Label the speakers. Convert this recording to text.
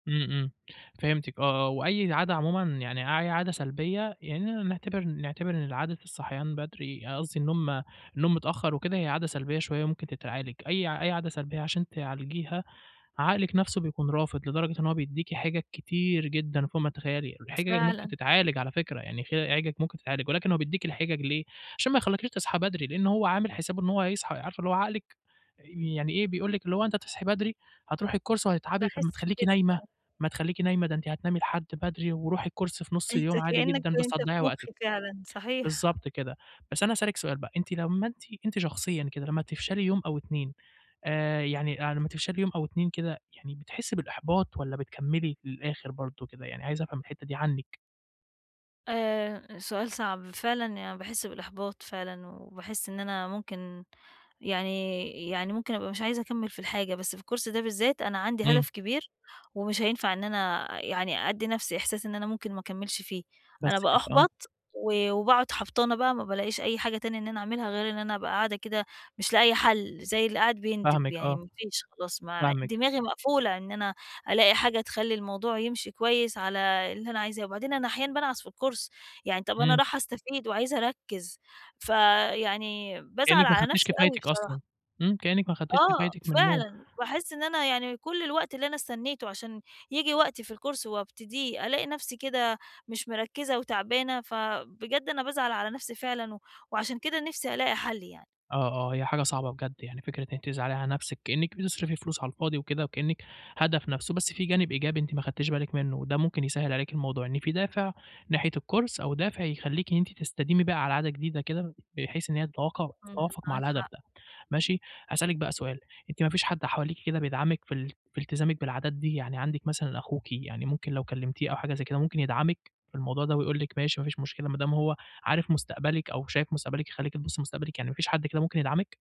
Speaker 1: إمم، إمم، فهمتِك آه، آه. وأي عادة عمومًا، يعني أي عادة سلبية يعني نعتبر نعتبر إن عادة الصحيان بدري آآ، قصدي النوم النوم متأخر وكده هي عادة سلبية شوية وممكن تتعالج، أي ع أي عادة سلبية عشان تعالجيها عقلِك نفسه بيكون رافض، لدرجة إن هو بيديكِ حجج كتير جدًا فوق ما تتخيلي، الحجج ممكن
Speaker 2: فعلًا.
Speaker 1: تتعالج على فكرة، يعني خ أي حجج ممكن تتعالج ولكن هو بيديكِ الحجج ليه، عشان ما يخليكيش تصحي بدري، لأن هو عامل حسابه إن هو هيصحى عارفة اللي هو عقلِك آآ، يعني إيه، بيقول لِك اللي هو أنتِ هتصحي بدري هترُوحي الكورس وهتتعبي طَب ما
Speaker 2: باحس
Speaker 1: تخلّيكِ
Speaker 2: بكده
Speaker 1: نايمة،
Speaker 2: فعلًا.
Speaker 1: ما تخلّيكِ نايمة، ده أنتِ هتنامي لحد بدري ورُوحي الكورس في نُص
Speaker 2: أنت
Speaker 1: اليوم عادي
Speaker 2: كأنك
Speaker 1: جدًا بس
Speaker 2: أنت
Speaker 1: هتضيَّعي
Speaker 2: في
Speaker 1: وقتِك،
Speaker 2: مخي فعلًا. صحيح.
Speaker 1: بالضبط كده. بس أنا هاسألِك سؤال بقى أنتِ لما أنتِ أنتِ شخصيًا كده، لما تفشلي يوم أو 2 آآ، يعني، آآ، لما تفشلي يوم أو 2 كده يعني بتحسي بالإحباط والّا بتكملي للآخر برضو كده يعني؟ عايز أفهم الحتة دي عنِك.
Speaker 2: آآ، سؤال صعب فعلًا يعني باحس بالإحباط فعلًا، وباحس إن أنا ممكن يعني يعني ممكن أبقى مش عايزة أكمل في الحاجة، بس في الكورس ده بالذات، أنا عندي
Speaker 1: إمم.
Speaker 2: هدف كبير ومش هينفع إن أنا يعني أدِّي نَفْسي إحساس إن أنا ممكن ما أكملش فيه، أنا
Speaker 1: بس كده. آه.
Speaker 2: بأحبط و وباقعد حبطانة بقى، ما بالاقيش أي حاجة تانية إن أنا أعملها غير إن أنا أبقى قاعدة كده مش لاقية حل، زي اللي قاعد بيندب،
Speaker 1: فاهمِك
Speaker 2: يعني
Speaker 1: آه.
Speaker 2: ما فيش خلاص ما
Speaker 1: فاهمِك.
Speaker 2: دماغي مقفولة إن أنا ألاقي حاجة تخلّي الموضوع يمشي كويس على اللي أنا عايزاه. وبعدين أنا أحيانًا بانعس في الكورس، يعني طَب أنا
Speaker 1: إمم.
Speaker 2: راحة أستفيد وعايزة أركز، ف يعني بازعل
Speaker 1: كأنِك ما
Speaker 2: على
Speaker 1: خدتيش
Speaker 2: نفسي أوي
Speaker 1: كفايتِك
Speaker 2: بصراحة.
Speaker 1: أصلًا. إمم، كأنِك ما خدتيش
Speaker 2: آه،
Speaker 1: كفايتِك من النوم.
Speaker 2: فعلًا. باحس إن أنا يعني كل الوقت اللي أنا استنيته عشان ييجي وقتي في الكورس وأبتديه، ألاقي نفسي كده مش مِركِزة وتعبانة، فبجد أنا بازعل على نفسي فعلًا، و وعشان كده نفسي ألاقي حل يعني.
Speaker 1: آه، آه، هي حاجة صعبة بجد يعني، فكرة إن أنتِ تزعلي على نفسِك كأنِك بتصرفي فلوس على الفاضي وكده وكأنِك هدف نَفْسه، بس فيه جانب إيجابي أنتِ ما خدتيش بالِك منه وده ممكن يسهِّل عليكِ الموضوع؛ إن في دافع ناحية الكورس أو دافع يخلّيكِ إن أنتِ تستديمي بقى على عادة جديدة كده، بحيث إن هي تتواقع
Speaker 2: إمم،
Speaker 1: تتوافق مع
Speaker 2: معاك
Speaker 1: الهدف
Speaker 2: حق.
Speaker 1: ده ماشي. هاسألِك بقى سؤال، أنتِ ما فيش حد حواليكِ كده بيدعمِك في ال في التزامِك بالعادات دي، يعني عندِك مثلًا أخوكِ يعني ممكن لو كلمتيه أو حاجة زي كده ممكن يدعمِك في الموضوع ده ويقول لِك ماشي ما فيش مشكلة، ما دام هو عارف مستقبلِك أو شايف مستقبلِك يخلّيكِ تبُصي لمستقبلِك، يعني ما فيش حد كده ممكن يدعمِك؟